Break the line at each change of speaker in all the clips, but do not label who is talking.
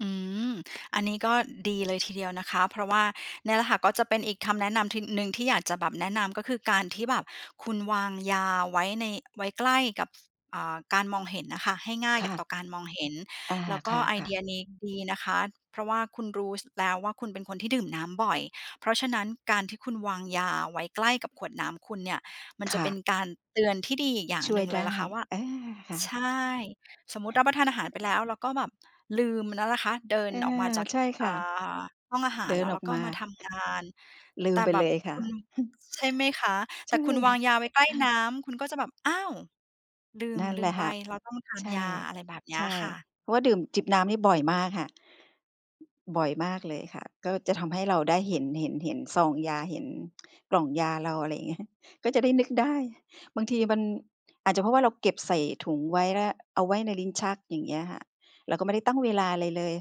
อืม อันนี้ก็ดีเลยทีเดียวนะคะ เพราะว่า เนี่ยแหละค่ะ ก็จะเป็นอีกคำแนะนำทีหนึ่ง ที่อยากจะแบบแนะนำ ก็คือ การที่แบบคุณวางยาไว้ใน ไว้ใกล้กับ ฟ อ่า การมองเห็นน่ะค่ะ ให้ง่าย
ค
แก่
่ะ
ต่อการมองเห็น
อา
แล้วก
ค
็ไอเ
่
ด
ะ
ี
ๆ
ยนี้ดีนะคะ เพราะว่าคุณรู้ ส แล้วว่า คุณเป็นคนที่ดื่มน้ำบ่อย เพราะฉะนั้นการที่คุณวางยาไว้ใกล้กับขวดน้ำคุณเนี่ย มัน
ค
จะ
่
เป็น
ะ
การเตือนที่ดีอีกอย่าง
ช่
หน
ว
ึ
ย
่งเ
ไ
ล
ด
ยล่
้
ะคะว่า
อา ค่
ใช
ะ ๆ
่ สมมติรับประทานอาหารไปแล้ว แล้วก็แบบลืมมันแล้วนะคะ เดิน
อา
ออกมาจาก
ใช่ค
อ่
่ะ
า ห้องอาหา
เด
ร
ิ
แล
น
้ว
อ
แล
อ
้
ก
วก็
มา
มาทำงาน
ลื
แต
ม
่
ไป
แบ
เล
บ
ยค
ค
่ะ
ุณ ใช่ไหมคะ?
ใ
แต
ช
่
่
คุณวางยาไว้ใกล้น้ำ คุณก็จะแบบ อ้าว! ลืม
นั่น
ลื
แหล
ม
ะ
ไป
ค่ะ
เราต้องทา
ใ
น
ช่
ยา อะไรแบบเนี้
ใช
ย
่
ค่ะ
เพราะว่าดื่ม จิบน้ำนี่บ่อยมากค่ะ บ่อยมากเลยค่ะ ก็จะทำให้เราได้เห็น เห็น เห็นซองยา เห็นกล่องยาเรา อะไรเงี้ย ก็จะได้นึกได้ บางทีมัน อาจจะเพราะว่าเราเก็บใส่ถุงไว้ แล้วเอาไว้ในลิ้นชัก อย่างเงี้ยค่ะ เราก็ไม่ได้ตั้งเวลาอะไรเลย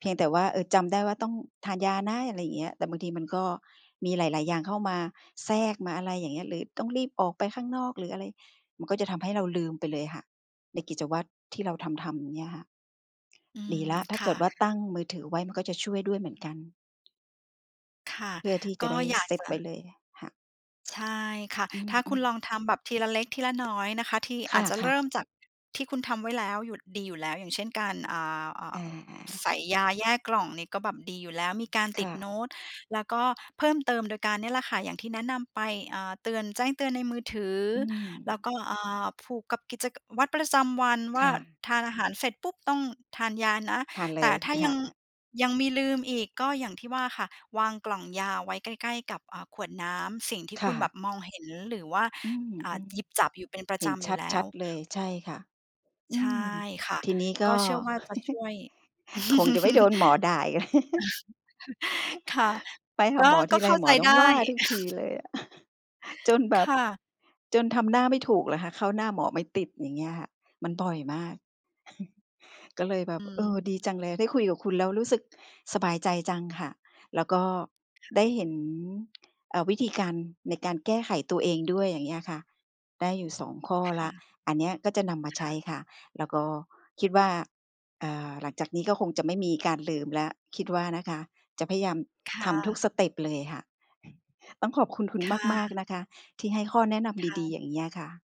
เพียงแต่ว่า เออ จำได้ว่า ต้องทานยานะ อะไรอย่างเงี้ย แต่บางทีมันก็มีหลาย ๆ อย่างเข้ามาแทรก มาอะไรอย่างเงี้ย หรือต้องรีบออกไปข้างนอก หรืออะไร มันก็จะทำให้เราลืมไปเลยค่ะ ในกิจวัตรที่เราทำ ๆ อยู่เนี่ยค่ะ
อื
ดี
ม
แล้ว ถ้า
ค
เก
่
ิ
ะ
ดว่าตั้งมือถือไว้ มันก็จะช่วยด้วยเหมือนกัน
ค่ะ
เพื่อที่
ก
จะ
็
ได้
อยา
เ
ก
ซต
จะ
ไว้เลย ค่ะ
ใช่ค่ะ
อื
ถ้าคุณ
ม
ล
ๆ
องทำแบบทีละเล็กทีละน้อยนะคะ ที่
ค
อาจจะเร
่ะ
ิ
ๆ
่มจากที่คุณทำไว้แล้ว หยุด ดีอยู่แล้ว อย่างเช่น การ อ่า อ่
อ
า
า ๆ
ใส่ยาแยกกล่อง นี่ก็แบบดีอยู่แล้ว มีการ
ค
ติ
่
ดโน
ะ
้ต แล้วก็เพิ่มเติมโดยการเนี่ยแหละค่ะ อย่างที่แนะนำไป อ่า เตือน แจ้งเตือนในมือ ถือ
อื
แล้ว
ม
ก็ อ่า ผูกกับกิจ ก วัตรประจำวันว
ค
่า
่ะ
ทานอาหารเสร็จ ปุ๊บ ต้องทานยานะ
ทานเล
แต่
ย
ถ้า
ค
ย
่
ั
ะ
ง
ๆ
ยังมีลืมอีก ก็อย่างที่ว่าค่ะ วางกล่องยาไว้ใกล้ ๆ กับ อ่า ขวดน้ำ สิ่งที่
ค
ค
่
ุณแบ
ะ
บมองเห็น หรือว่า
อืม
อ่า หยิบจับอยู่เป็นปร
ๆ
ะ
เห
จ
็น
ำอย
ช
ู่
ัด
แล้
ชั
ว
ดเลย ใช่ค่ะ อ
ใช
ื
่
ม
ค่ะ
ทีนี้ก
ก็
็
เชื่อว่าจะช่วย
คงจะไม่โดนหมอด่าอีก แล้ว
ค่ะ
ไปห
ก
า
็
หมอ
ก
ท
็
ีไ
เ
ร
ข้า
ห
ใ
ม
จ
อต
ไ
้
ด
อ
้
งว่าทุกทีเลยอะ จนแบ
ค
บ
่ะ
จนทำหน้าไม่ถูกเลยค่ะ เข้าหน้าหมอไม่ติด อย่างเงี้ยค่ะ มันบ่อยมาก ก็เลยแบ
อ
บ
ื
เออ
ม
ดีจังเลย ได้คุยกับคุณแล้ว รู้สึกสบายใจจังค่ะ แล้วก็
ค่
ไ
ะ
ด้เห็น เออ วิธีการในการแก้ไขตัวเองด้วย อย่างเงี้ยอะค่ะ ได้อยู่ 2 ข้อ
ค
แล
่
้ว
ะ
อันเนี้ยก็จะนำมา
ค
ใช
่
้
ะ
ค่ะ แล้วก็คิดว่า อ่า หลังจากนี้ก็คงจะไม่มีการลืมแล้ว คิดว่านะคะ จะพยายาม
ค
ท
่
ำทุกส
ะ
เตปเลยอะค่ะ ต้องขอบคุณคุณ
ค่
มาก
ะ
ๆ นะคะ ที่ให้ข้อแนะน
ค
ำ
่
ดี
ะ
ๆ อย่างเงี้ยอะค่ะ